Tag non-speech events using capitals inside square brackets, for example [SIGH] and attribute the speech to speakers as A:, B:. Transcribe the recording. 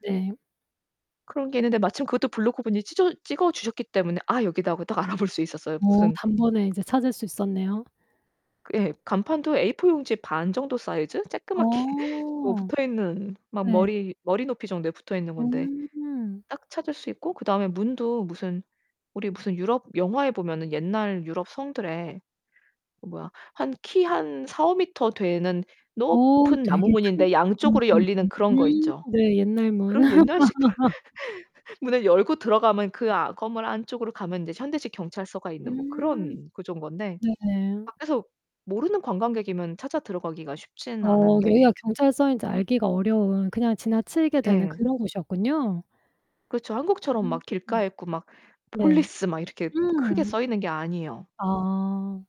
A: 네.
B: 그런 게 있는데 마침 그것도 블로거분이 찢어 찍어 주셨기 때문에 "아 여기다." 하고 딱 알아 볼 수 있었어요.
A: 어
B: 무슨
A: 단번에 이제 찾을 수 있었네요.
B: 예. 간판도 A4 용지 반 정도 사이즈? 조끄맣게 [LAUGHS] 뭐
A: 어
B: 붙어있는 막
A: 예.
B: 머리 머리 높이 정도에 붙어 있는 건데
A: 음.
B: 딱 찾을 수 있고 그다음에 문도 무슨 우리 무슨 유럽 영화에 보면은 옛날 유럽 성들에 어 뭐야? 한 키 한 4-5m 되는
A: 어
B: 높은 나무
A: 되게 큰
B: 문인데 양쪽으로
A: 옛날
B: 열리는
A: 문
B: 그런 거 있죠?
A: 음 네. 옛날 문
B: 그런 옛날식
A: [LAUGHS]
B: [LAUGHS] 문을 열고 들어가면 그 아 건물 안쪽으로 가면 이제 현대식 경찰서가 있는 뭐
A: 음.
B: 그런 구조인 건데.
A: 네네.
B: 밖에서 모르는 관광객이면 찾아 들어 가기가 쉽지는
A: 어
B: 않은데
A: 여기가 경찰서인지 알기가 어려운 그냥 지나치게 되는
B: 예.
A: 그런 곳이었군요.
B: 그렇죠. 한국처럼 막
A: 음.
B: 길가에 있고 막
A: 네.
B: 폴리스 막 이렇게 막 크게
A: 음.
B: 써 있는 게 아니에요.
A: 아.